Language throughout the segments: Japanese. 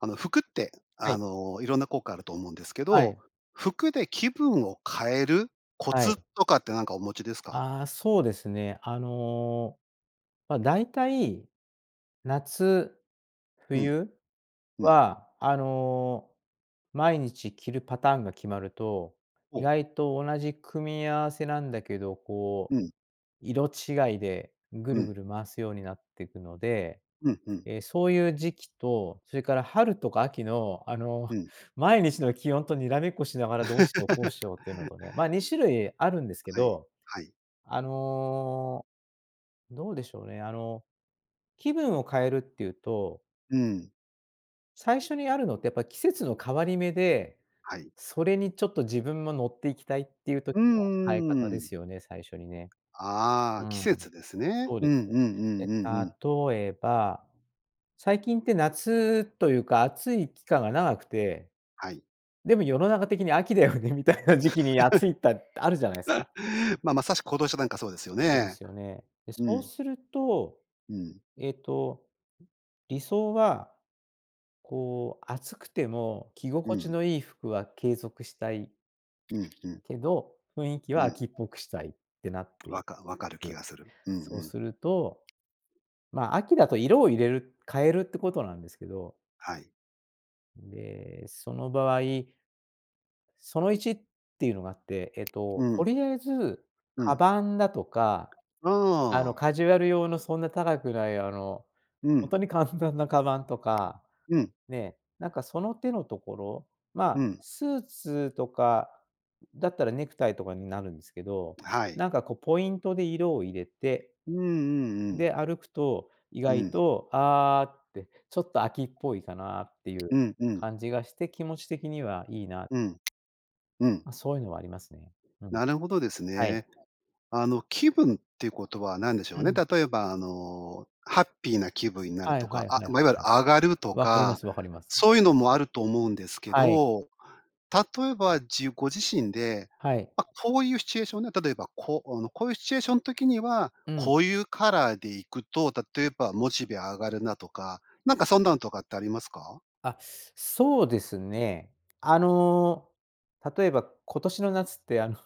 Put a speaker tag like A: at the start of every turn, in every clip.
A: あの、服って、
B: は
A: あ
B: い。
A: の、いろんな効果あると思うんですけ
B: は
A: ど、
B: い。
A: 服で気分を変えるコ
B: はい。
A: ツとかって何かお持ちですか？
B: ああ、そうですね。あの、ま、大体、夏、
A: うん。
B: 冬
A: うん。
B: はあの、毎日着るパターンが決まると、
A: ほ
B: 意
A: お。
B: 外と同じ組み合わせなんだけど、こ
A: う
B: う、
A: ん。
B: 色違いでぐ
A: う
B: るぐ
A: ん。
B: る回すようになっていくので、
A: うんうん。
B: え、そういう時期と、それから春とか秋のあの、
A: うん。
B: 毎日の気温とにらめっこしながら、どうしよう「打-明」どうし ようっていうのとね、ま、2種類あるんですけ
A: はい
B: ど、
A: はい。
B: あの、どうでしょうね、あの、気分を変えるっていうと
A: うん。
B: 最初にあるのってやっぱ季節の変わり目で、
A: はい。
B: それにちょっと自分も乗っていきたいっていう時
A: う
B: の変え方
A: ん、うー
B: です
A: ん。
B: よね、最初にね。う
A: あ、季
B: ん。
A: 節ですね。
B: そう
A: う
B: で
A: ん
B: す。
A: うんう
B: え、
A: んうんうん。
B: 例えば、最近って夏というか、暑い期間が長くて。
A: はい。
B: でも世の中的に秋だよね、みたいな時期に暑いたっあるじゃ ないですか。
A: ま、まさしく今年なんかそうですよ
B: そうで
A: ね。
B: すよね。で
A: う
B: そう
A: ん。
B: すると、
A: うん。
B: えっと、理想は、こう暑くても着
A: う
B: 心地
A: ん。
B: のいい服は継続したい。
A: うんうん。
B: けど、雰囲気は
A: うん。
B: 秋っぽくしたいってなっ
A: わ
B: て
A: か分かる気
B: く。
A: がする。うんう
B: そう
A: ん。
B: すると、ま、秋だと色を入れる、変えるってことなんですけど。
A: はい。
B: で、その場合その1って言うのがあって、えっと、
A: う
B: と
A: ん。
B: りあえず
A: うん。
B: 鞄だとか、
A: あ
B: あの、
A: あ。
B: カジュアル用のそんな高くない、あの、
A: う
B: ほん
A: ん。
B: とに簡単な鞄とか、
A: うん。
B: ね。なんか、その手のところ、ま
A: う
B: あ、
A: ん。
B: スーツとかだったら、ネクタイとかになるんですけど。
A: はい。
B: なんか、こう、ポイントで色を入れて、
A: うん、うん、うん。
B: で、歩くと、意
A: う
B: 外
A: ん。
B: とああ、って、ちょっと秋きっぽいかなって、いう
A: うんうん。
B: 感じがして、気持ち的にはいいな。
A: うん。うん。
B: ま、そう言うのはありますね。うん。
A: なるほどです
B: は
A: ね。
B: い。
A: あの、気分っていう事は何でしょ
B: う
A: うね？
B: ん。
A: 例えば、あの、ハッピーな気分になる
B: はい
A: と
B: は
A: か。
B: いはい
A: あ、
B: はい
A: ま、いわゆる
B: はい。
A: 上がると
B: 分かりま
A: か、
B: す-分かります。
A: そう言うのもあると思うんですけ
B: はい。
A: ど。例えば、じご自身で、
B: はい。
A: ま、こういうシチュエーションね。例えば、こうこういうシチュエーションの時には、
B: うん。
A: こういうカラーで行くと、例えば、モチベ上がるなとか、なんか、そんなんとかってありますか？
B: あ、そうですね。あの、例えば、今年の夏って、あの、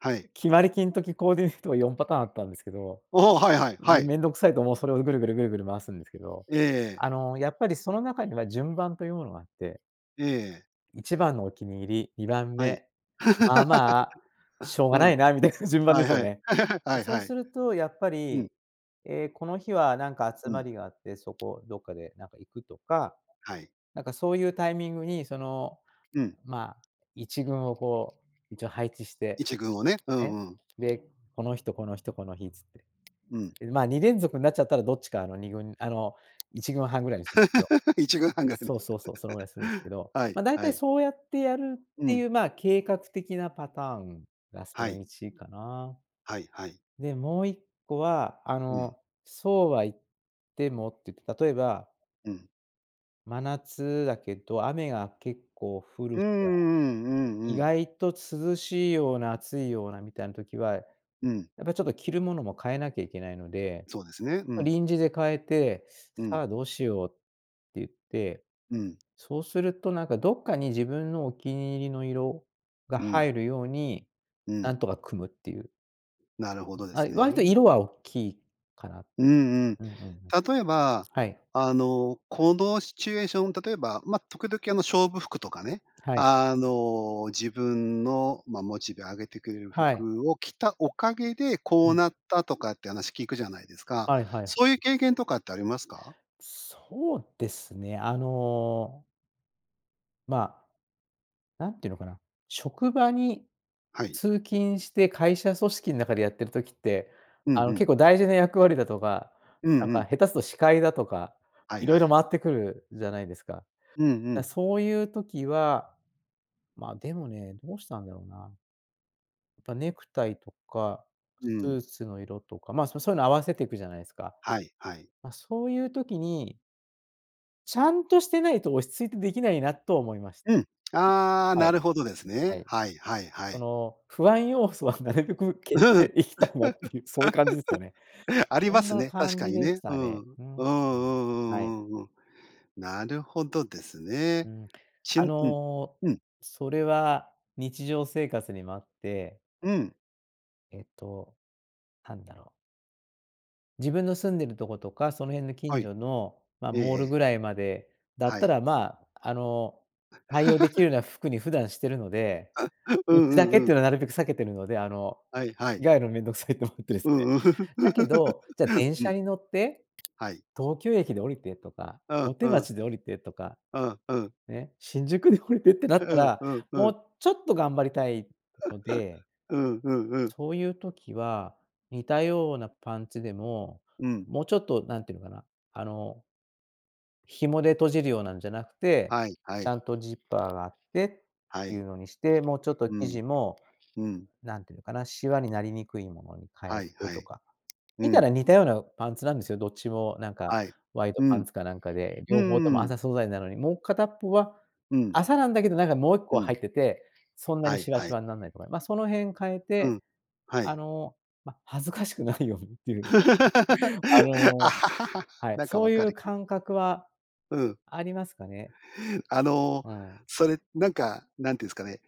A: はい。
B: 決まり金時コーディネートが4パターンあったんですけど。
A: おお、はいはい、はい。
B: 面倒くさいと、もう、それをぐるぐるぐるぐる回すんですけど、
A: ええ。
B: あの、やっぱりその中には順番というものがあって。
A: ええ。
B: 一番のお気に入り、二番
A: はい。
B: 目、まあまあ、し ょう
A: う
B: がない
A: ん。
B: なみたいな順番
A: は
B: で
A: い
B: すよ
A: はい。
B: ね。で、
A: はい
B: そう
A: は
B: す
A: い。
B: るとやっぱ
A: うん。
B: り、ええ、この日は何か
A: う
B: 集ま
A: ん。
B: りがあって、そこ、どっかでなんか行くとか、
A: はい。
B: なんかそういうタイミングにその、
A: うん。
B: ま、1軍をこう一応配置して、
A: 1軍をね、うん
B: ね、
A: うん。
B: で、この日と、この日と、この日つって。
A: うん。
B: ま、2連続になっちゃったらどっちか、あの2軍、あの、1軍半ぐらいにするんですけど。
A: 1軍半が。
B: そうそうそう、そのぐらいするんですけ ど、
A: はい
B: まあ、大
A: は
B: 体
A: い。
B: そうやってやるっ
A: う
B: てい
A: ん。
B: う、ま、計画的なパターンがそ
A: は
B: の
A: い。
B: 1かな。
A: はいはい。
B: で、もう1個はあ
A: うん。
B: の、そうは言ってもって言って、例えば
A: うん。
B: 真夏だけど、雨が結構降る
A: うーん、
B: 日
A: う
B: が、
A: ん、うんう
B: 意
A: ん。
B: 外と涼しいような、暑いようなみたいな時は、や
A: うん。
B: っぱちょっと着るものも変えなきゃいけないので、
A: そうですね、う
B: ま、
A: ん。
B: 臨時で変えて、
A: う
B: 「さ
A: ん。
B: あどうしよう」って言って、
A: うん。
B: そうするとなんか、どっかに自分のお気に入りの色が
A: うん。
B: 入るように、
A: う
B: な
A: ん。
B: んとか組むっていう。
A: なるほどで
B: あ
A: す
B: い、割と
A: ね。
B: 色はおっきいかな。
A: うんうん。
B: うんうんうん。
A: 例えば、
B: はい。
A: あの、このシチュエーション、例えば、ま、時々あの勝負服とかね、
B: はい。
A: あの、自分の、ま、モチベ上げてくれる
B: はい。
A: 服を着たおかげでこ
B: う
A: う
B: ん。
A: なったとかって話聞くじゃないですか。
B: はいは
A: そう
B: い。
A: いう経験とかってありますか？
B: そうですね。あのまあ、なんて言うのかな、職場に
A: はい。
B: 通勤して会社組織ん中でやってる時って、
A: うん
B: あ
A: う
B: の、結
A: ん。
B: 構大事な役割だとか、
A: う
B: な
A: ん
B: ん
A: う
B: か
A: ん。
B: 下手すると司会だとか、
A: はい
B: 色
A: はい。
B: 々回ってくるじゃないですか。
A: うんう
B: だ、
A: ん。
B: そういう時はまあ、でもね、どうしたんだろうな。ぱ、ネクタイとか、
A: う
B: ス
A: ん。
B: ーツの色とか、まあ、そそういうの合わせていくじゃないすか。
A: はい、はい。
B: ま、そういう時にちゃんとしてないと落ち着いて出来ないな、とは思いまし
A: うん、ああ、
B: は
A: な
B: い。
A: るほどです
B: は
A: ね。
B: い。
A: はいはいは
B: そ
A: い。
B: の、不安要素はなるべく消
A: う、
B: し
A: ふん。
B: ていきたいなっていう、そういう感じですよね。
A: あり
B: お
A: ま
B: ん
A: す
B: な
A: ね、確
B: 感
A: か
B: じ
A: に
B: で
A: ね。
B: し
A: う
B: た
A: ん。
B: ね。
A: うん
B: うん、う
A: う
B: ん。はい。
A: んうんうんうん。なるほどです
B: う
A: ね。
B: ん。
A: ち
B: あ
A: んうん、
B: の、
A: うん。
B: それは日常生活にもあって。
A: うん。
B: えっと、なんだろう。自分の住んでるとことか、その辺の
A: は
B: 近
A: い。
B: 所のま、
A: えええ
B: モール
A: え。
B: ぐらいまでだっ
A: は
B: た
A: い。
B: らまあ、あの、対応でき るな服に普段してるので、
A: う
B: うちだ
A: んう
B: けっ
A: んう
B: ていうの
A: ん。
B: はなるべく避けてるので、あの、
A: はいはい。
B: 着替えるの面倒くさいと思ってです
A: う
B: ね。
A: んうん。
B: だけど、じゃあ電
A: う
B: 車
A: ん。
B: に乗って、
A: はい。
B: 東京駅で降りてとか、
A: うん
B: 大
A: う
B: 手
A: ん。
B: 町で降りてとか、
A: うんうん。
B: ね、新宿で降りてってな
A: う
B: った
A: ん
B: ら、
A: うんう
B: も
A: ん。
B: うちょっと頑張りたいので
A: うんうんうん。
B: そういう時は、似たようなパンツでも、
A: うん。
B: もうちょっと何て言うのかな、あの紐で閉じるようなんじゃなくて、
A: はいは
B: ちゃ
A: い。
B: んとジッパーがあって、
A: は
B: い
A: い。
B: うのにして、もうちょっと
A: う
B: 生
A: ん。
B: 地も、
A: うん。
B: 何て言うのかな、しわになりにくいものに変
A: は
B: え
A: い
B: て
A: は
B: と
A: い。
B: か、
A: う
B: 見たら
A: ん。
B: 似たようなパンツなんですよ、どっちも何か
A: はい。
B: ワイド
A: う
B: パン
A: ん。
B: ツか何かで、
A: う
B: 両方
A: ん
B: とも
A: うん。
B: 麻素材なのに、もう片っ方は
A: うん。
B: 麻なんだけど何かもういっ
A: う
B: こ入
A: ん。
B: ってて、そんな
A: は
B: に
A: い
B: しわ
A: は
B: し
A: い。
B: わになんないとか、ま、その辺変え
A: う
B: て、
A: ん、は
B: あ
A: い。
B: の、ま、恥ずかしくないようにっていう。あの、はい、
A: なんか
B: そ
A: 分
B: うい
A: か
B: う
A: る。
B: 感覚は
A: うん。
B: ありますかね。
A: あの、
B: うん。
A: それ、なんか、何て言うんすかね、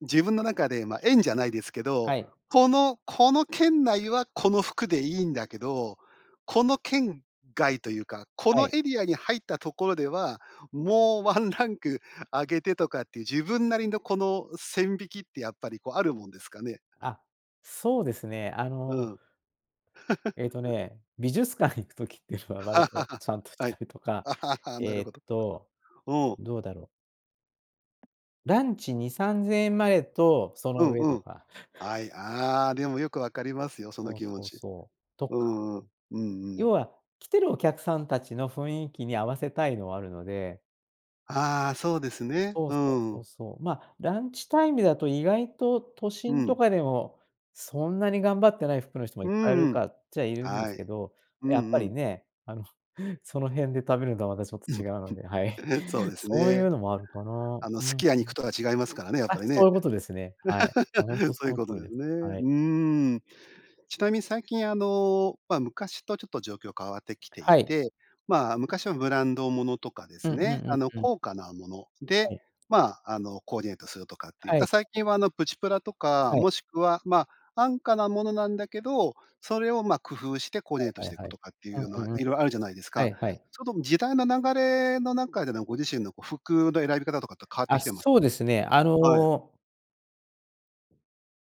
A: 自分の中で、ま、円じゃないですけど、
B: はい。
A: このこの圏内はこの服でいいんだけど、この圏外というか、こ
B: は
A: の
B: い。
A: エリアに入ったところでは、もうワンランク上げてとかっていう、自分なりのこの線引きってやっぱりこうあるもんですかね。
B: あ、そうですね。あ
A: う
B: の
A: ん。
B: えっとね、美術館行く時っていうのは割と ちゃんとし
A: はい。
B: たりとか、
A: なる
B: え
A: ほ
B: っ
A: ど。
B: と、
A: うん。
B: どうだろう。ランチ2、3000円までと、そ
A: う
B: の
A: ん
B: 上
A: う
B: と
A: ん。
B: か。
A: はい、ああ、でもよく分かりますよ、その
B: そう
A: 気持
B: そう
A: ち。
B: そう、と
A: う
B: か。
A: んうん。うんう
B: 要
A: ん。
B: は、来てるお客さんたちの雰囲気に合わせたいのはあるので。
A: ああ、そうですね。
B: そう
A: う
B: そう
A: ー
B: そう
A: ん。
B: そう。ま、ランチタイムだと意外と都
A: う
B: 心と
A: ん。
B: かでも、そんなに頑張ってない服の人も
A: う
B: いっ
A: ー
B: ぱいい
A: ん、う
B: る
A: ん。
B: かっちゃいるんで
A: は
B: す
A: い。
B: けど。
A: うん
B: やっぱ
A: う
B: り
A: ん。
B: ね、あの、その辺で食べるとはまたちょっと 違うので、はい。
A: そうです
B: そういう
A: ね。
B: のもあるかな。
A: あの、
B: うん。
A: す
B: うん。
A: き屋に行くとは違いますからね、やっ
B: あ、
A: ぱり
B: そう
A: ね。
B: いうことですね。はい。ほんと そ
A: そういう
B: の
A: こ
B: 通
A: と
B: り
A: で
B: で
A: す
B: す。
A: ね。
B: は
A: う
B: い。
A: ーん。ちなみに最近、あの、ま、昔とちょっと状況変わってきて
B: は
A: い
B: い。
A: て、まあ、昔はブランドものとかで
B: うん
A: す
B: うんう
A: ね、
B: ん
A: あの、
B: うん。
A: 高価なもの
B: は
A: で、
B: い。
A: ま、あの、コーディネートするとかっていう。
B: は
A: だ
B: い。
A: から最近は、あの、プチプラとか、
B: はい。
A: もしくは、ま、安価なものなんだけど、それを、ま、工夫してコー
B: は
A: ディネート
B: い
A: し
B: はい
A: てい
B: は
A: く
B: い。
A: とかって
B: う
A: いうの
B: んう
A: は
B: んうん。
A: いろいろあるじゃないです
B: は
A: か？
B: いはい。
A: ちょっと時代の流れの中でのご自身のこう、服の選び方とかって変わって
B: あ、
A: きてます
B: そう
A: か？
B: ですね、あ
A: はい。
B: の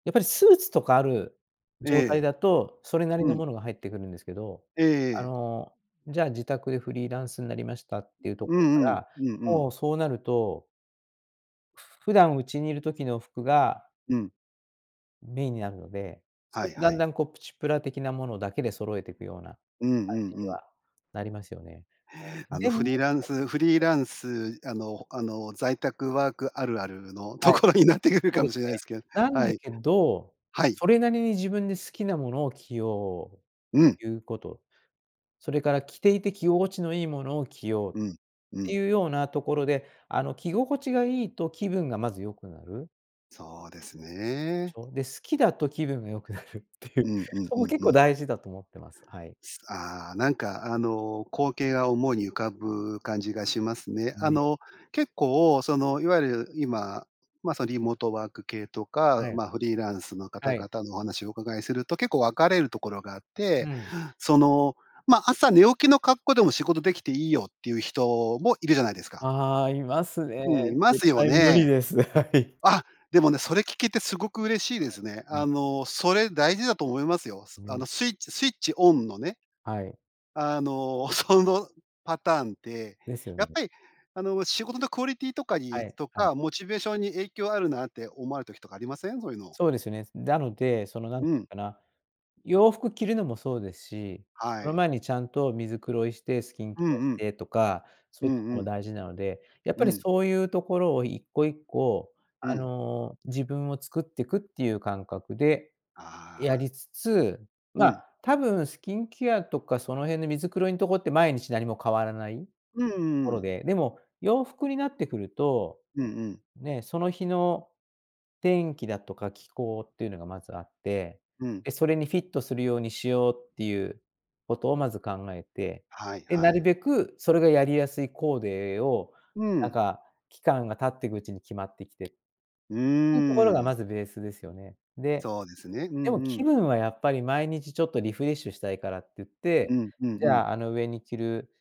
B: やっぱりスーツとかある
A: え
B: 状態
A: え。
B: だと、それなり
A: う
B: の
A: ん。
B: ものが入ってくるんですけど、
A: ええ
B: あ
A: ええ。
B: の、じゃあ自宅でフリーランスんなりましたっていうと
A: う
B: ころか
A: んうん、
B: ら、
A: うんう
B: も
A: ん。
B: うそうなると普段家にいる時の服が
A: うん。
B: メインになるので、
A: は
B: そう
A: いは
B: だん
A: い。
B: だんこうプチプラ的なものだけで揃えてくような、
A: うん
B: 感
A: うん
B: じ
A: う
B: に
A: ん。
B: はなりますよね。
A: あの、
B: で
A: フ
B: も
A: リーランスフリーランス、あのあの、在宅ワークあるあるのと
B: はい、
A: ころになってくる
B: そう
A: か
B: で
A: もし
B: す
A: れないで
B: ね。
A: すけど
B: なん
A: は
B: だ
A: い。
B: けど、
A: はい。
B: それなりに自分で好きなものを着よ
A: うん。
B: う、いうこと。それから着ていて着心地のいいものを着ようっ
A: うん、う
B: て
A: ん。
B: いうようなところで、あの着心地がいいと気分がまず良くなる。
A: そうです
B: し
A: ね。
B: ょ？で、好きだと気分が良くなるってい
A: う
B: う、
A: んうん
B: そ
A: う
B: も
A: ん
B: 結
A: う
B: 構
A: ん。
B: 大事だと思ってます。はい。
A: すあ、なんか、あの、光景が思いに浮かぶ感じがしますね。あ
B: うえ。
A: の、結構、その、いわゆる今、ま、そのリモートワーク系と
B: は
A: か、
B: い。
A: ま、フリーランスの
B: は
A: 方
B: い。
A: 々のお話をお伺いすると、結構分かれるところがあっ
B: う
A: て、
B: ん。
A: その、ま、朝寝起きの格好でも仕事できていいよっていう人もいるじゃないですか。
B: ああ、いますね。
A: うん、いま
B: 絶
A: すよ
B: 対無理
A: ね。
B: です、はい。
A: あ、でもね、それ聞けてすごく嬉しいですね。あ
B: [unintelligible]
A: の、それ大事だと思いますよ。
B: う
A: あ
B: ん。
A: の、スイッチスイッチオンのね。
B: はい。
A: あの、そのパターンって、
B: ですよ
A: やっ
B: ね。
A: ぱり、あの、仕事のクオリティとか
B: は
A: に
B: い
A: と
B: はい。
A: か、モチベーションに影響あるなって思われる時とかありません？そういうの。
B: そうですよね。なので、その、何
A: うん。
B: かな、洋服着るのもそうですし、
A: は
B: その
A: い。
B: 前にちゃんと身づくろいしてスキン
A: う
B: ケアし
A: んうん。
B: てとか、そう
A: う
B: いうと
A: ん
B: こ
A: う
B: も
A: ん。
B: 大事なので、やっ
A: う
B: ぱり
A: ん。
B: そういうところを1個1個
A: う
B: あ
A: ん。
B: の、自分を作ってくっていう感覚で、や
A: ああ。
B: りつつ、
A: う
B: ま、
A: ん。
B: 多分スキンケアとかその辺の身づくろいんとこって毎日何も変わらない、
A: うんう
B: ころ
A: ん。
B: で、でも洋服になってくると、
A: うんうん。
B: ね、その日の、天気だとか気候っていうのがまずあって、
A: うん。
B: で、それにフィットするようにしようっていうことをまず考えて、
A: はい
B: で
A: は
B: なる
A: い。
B: べくそれがやりやすいコーデを、
A: う
B: なん
A: ん。
B: か期間が経ってくうちに決まってきて。
A: うー
B: [unintelligible] ところが
A: ん。
B: まずベースですよね。で、
A: そうですね。う
B: で
A: ん
B: も
A: う
B: 気
A: ん。
B: 分はやっぱり毎日ちょっとリフレッシュしたいからって言って、
A: うんうん
B: じ
A: うん。
B: ゃあ、あの上に着る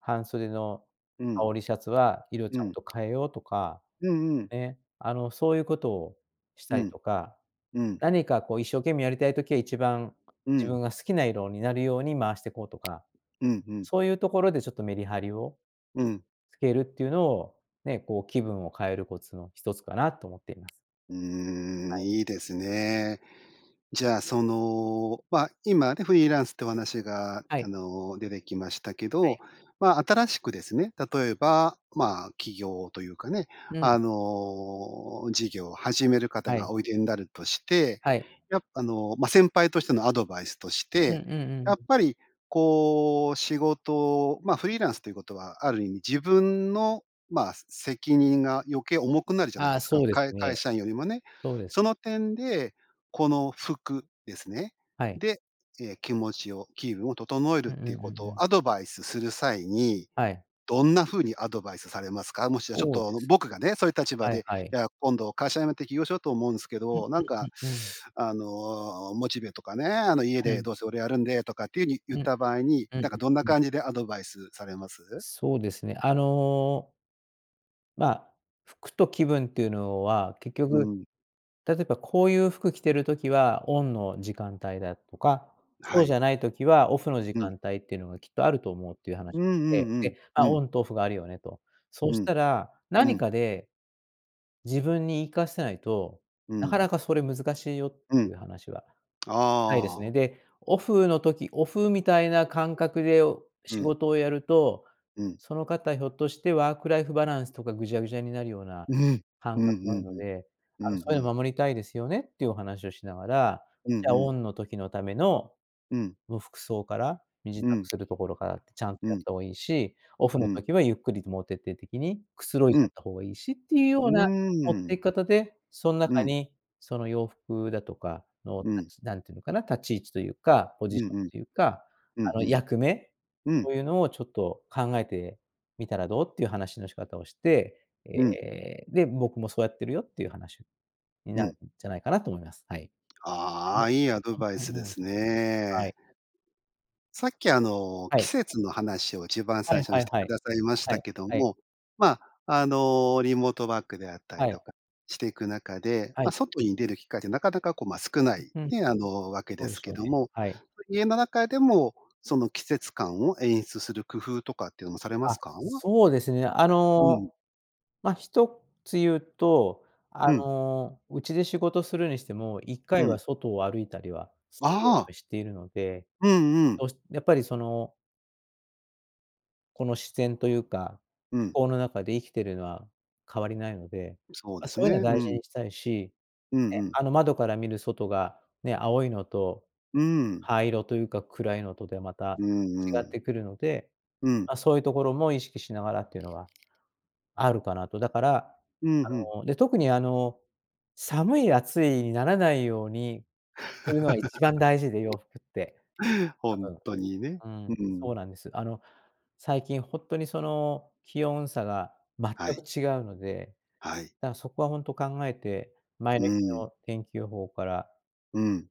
B: 半袖の
A: う
B: 羽
A: ん。
B: 織りシャツは色ち
A: う
B: ゃん
A: ん。
B: と変えようとか、
A: うんうん。
B: ね、あの、そういうことをし
A: う
B: たり
A: ん。
B: とか、
A: うん。
B: 何かこう一生懸命やりたい時は一番、
A: う
B: 自
A: ん。
B: 分が好きな色になるように回してこうとか、
A: うんうん。
B: そういうところでちょっとメリハリを
A: うん。
B: 付けるっていうのを、ね、こう気分を変えるコツの一つかなと思っています。
A: うー
B: は
A: ん、
B: い。
A: いいですね。じゃあ、その、ま、今ね、フリーランスってお話が、
B: は
A: あ
B: い。
A: の、出てきましたけ
B: は
A: ど、
B: い。
A: ま、新しくですね、例えば、まあ、起業というかね、
B: うん。
A: あの、事業を始める方
B: は
A: が
B: い。
A: おいでになるとして、
B: はい。
A: やあの、ま、先輩としてのアドバイスとし
B: うんう
A: て、
B: ん
A: やっ
B: うん。
A: ぱりこう仕事、ま、フリーランスということは、ある意味自分の、ま、す責任が余計重くなるじゃない
B: あ
A: で
B: あ、
A: すか。
B: そうです
A: かい会
B: ね。
A: 社員よりもね。
B: そうです。
A: その点で、この服ですね。
B: はい。
A: で、え、気持ちを気分を整える
B: うんう
A: っ
B: んう
A: ていう
B: んう
A: ことを
B: ん。
A: アドバイスする際に、
B: はい。
A: どんな風にアドバイスされますか？もしはちょっ
B: そうで
A: と
B: す、
A: 僕がね、そういう立場
B: はい
A: で、
B: はい。
A: いや、今度会社辞めて起業しようと思うんすけ
B: うん
A: ど、なん
B: う
A: か、
B: んうんうん。
A: あの、モチベとかね、あの、家
B: う
A: で
B: ん。
A: どうせ俺やるんでとかっていうに
B: う
A: 言っ
B: んうん、
A: た場合に、
B: うん
A: なんかどんな
B: うんうん。
A: 感じでアドバイスされます？
B: そうですね、あのまあ、服と気分っていうのは、結
A: う
B: 局、
A: ん。
B: 例えばこういう服着てる時は、オンの時間帯だとか、
A: は
B: そうじ
A: い。
B: ゃない時はオフの時
A: うん。
B: 間帯っていうのがきっとあると思うっていうはな
A: うんう
B: て、
A: ん
B: で、
A: うん、う
B: あ、オ
A: ん。
B: ンとオフがあるよねと。そ
A: う
B: した
A: ん。
B: ら、
A: う
B: 何
A: ん。
B: かで、自分に言いかせないと、
A: う
B: なかな
A: ん。
B: かそれ難しいよっ
A: う
B: て
A: ん。
B: いう話ははい、です
A: あ
B: ね。
A: あ。
B: で、オフの時、オフみたいな感覚でお
A: う
B: 仕
A: ん。
B: 事をやると、
A: うん。
B: その方ひょっとしてワークライフバランスとかぐじゃぐじゃになるような
A: うん。
B: 感
A: うん
B: 覚もあ
A: うん
B: るの
A: うん。
B: で、
A: う
B: あ
A: ん
B: の、そうい
A: う
B: う
A: ん。
B: の守りたいですよねってお話をしながら、
A: うん
B: じゃ
A: う
B: あ、オ
A: ん。
B: ンの時のための、
A: うん。
B: もう服装から身支度
A: うん。
B: するところからってちゃんと
A: う
B: やっ
A: ん。
B: た方がいいし、オフ
A: う
B: の
A: ん。
B: 時はゆっくりともう徹底的にくつろい
A: う
B: じゃっ
A: ん。
B: た方がいいしっていう
A: う
B: よう
A: ー
B: な、持って
A: ん。
B: 方で、そん
A: う
B: 中
A: ん。
B: に、その洋服だとかの
A: う
B: た
A: ん。
B: ちなんていうのかな、立ち位置というか、ポ
A: う
B: ジショ
A: ん
B: ン
A: うん。
B: というか、
A: うん
B: あの、
A: うん。
B: 役目
A: う
B: と
A: ん。
B: いうのをちょっと考えてみたらどう？っていう話の仕方をして、え
A: うん。
B: え、で、僕もそうやってるよっていう話に
A: う
B: なる
A: ん。
B: んじゃないかなと思います、はい。い
A: あ
B: え、
A: あ、いいアドバイ
B: はい、
A: ス
B: う
A: で
B: うん、
A: す
B: はい。
A: ね。さっき、あの、
B: は
A: 季
B: い。
A: 節の話をじばん
B: は
A: 最
B: い
A: 初に
B: は
A: し
B: い
A: て
B: は
A: く
B: い。
A: ださいまし
B: は
A: た
B: い、
A: けど
B: はい。
A: も、ま、あの、リモートワークであった
B: は
A: りと
B: い。
A: かしていく中で、
B: は
A: ま、
B: い。
A: 外に出る機会ってなかなかこうま少ない、
B: ううん。
A: ね、あの、わけ
B: そ
A: で
B: うで
A: す
B: しょ
A: け
B: うね、
A: ども、
B: はい。
A: 家の中でも、その季節感を演出する工夫とかっていうのもされま
B: あ、
A: すか？
B: そうですね、あ
A: う
B: の、
A: ん。
B: まあ、一つ言うと、あ
A: うん。
B: の、家で仕事するにしても、いっか
A: う
B: いは
A: ん。
B: 外を歩いたりはするよ
A: あ
B: うに
A: あ。
B: しているので、
A: うんうん。
B: どうしやっぱりそのこの自然というか、
A: う
B: 気
A: ん。
B: 候の中で生きてるのは、変わりないので、
A: そうで
B: あ、そ
A: す
B: ういうのは
A: ね。う
B: 大事
A: ん。
B: にしたいし、
A: うん
B: ね、
A: うん。
B: あの窓から見る外が、ね、青いのと、
A: うん。
B: 灰色というか暗いのとではまた
A: うん
B: 違
A: う
B: っ
A: ん。
B: てくるので、
A: うん。
B: ま、そういうところも意識しながらっていうのは、あるかなと。だから、
A: うんうん。
B: あの、で、特にあの、寒い暑いにならないように、するのが一番 大事で洋服って。
A: ほ
B: 多
A: ん
B: 分。
A: とにね。
B: うー
A: う
B: ん、そ
A: ん。
B: うなんです。あの、最近ほんとにその気温差が全
A: は
B: く
A: い。
B: 違うので、
A: はい
B: だからそこはほんと考えて、前
A: う
B: の日
A: ん。
B: の天気予報から
A: うん。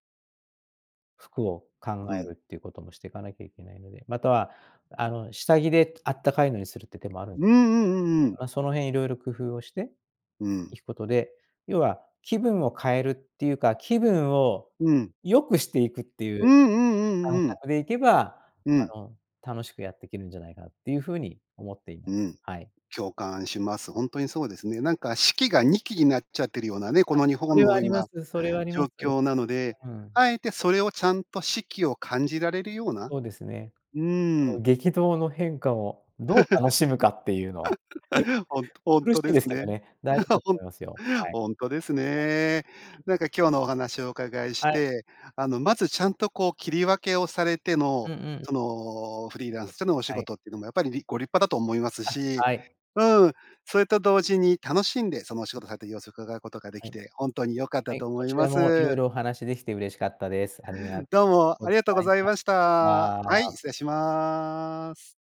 B: 服を考
A: う
B: え
A: ん。
B: るっていうこともしていかなきゃいけないので。または、あの、下着であったかいのにするって手もあるん
A: うんうんうんうん。
B: あ、その辺色々工夫をして
A: うん。
B: いくことで、要は気分を変えるっていうか、気分を
A: うん。
B: 良くしていくってい
A: うん
B: う、
A: うんうんう
B: 感
A: うん。
B: 覚でいけば、
A: うん。
B: あの、楽しくやってけるんじゃないかなっていう風に思っていま
A: うん。
B: はい。
A: 共感します。ほんとにそうですね。なんか四季が二季になっちゃってるようなね、こ
B: あ、
A: の日
B: そ
A: 本
B: れはあ
A: の
B: りま
A: 今、
B: すそれはありま
A: 状
B: す。
A: 況なので、
B: うん。
A: あえてそれをちゃんと四季を感じられるような
B: そうですね。
A: うー
B: こ
A: ん。
B: う激動の変化をどう楽しむかっていうのは。
A: ほんほん
B: 苦し
A: と
B: い
A: です
B: ですけど
A: ね。
B: ね、大事だ と
A: ほん
B: 思いますよ。はい。
A: ほんとです
B: [unintelligible]
A: ね。なんか今日のお話をお伺いし
B: はい。
A: て、あの、まずちゃんとこう、切り分けをされて
B: う
A: の、
B: んうん。
A: その、フリーランスでのお仕
B: はい。
A: 事っていうのもやっぱり、りご立派だと思います
B: あ、
A: し。
B: はい。
A: うん、それと同時に楽しんで、そのお仕事されてる様子を伺うことが出
B: は
A: 来
B: い。
A: て、ほんとに良かっ
B: は
A: た
B: い、
A: と
B: こ
A: 思い
B: ちら
A: ま
B: も色
A: す。
B: 々お話し出来て嬉しかったです。ありがと
A: どうも。
B: うご
A: ありがとう
B: ざ
A: ご
B: い
A: ざい
B: ま
A: まし
B: し
A: た。はい、
B: た。
A: 失礼します。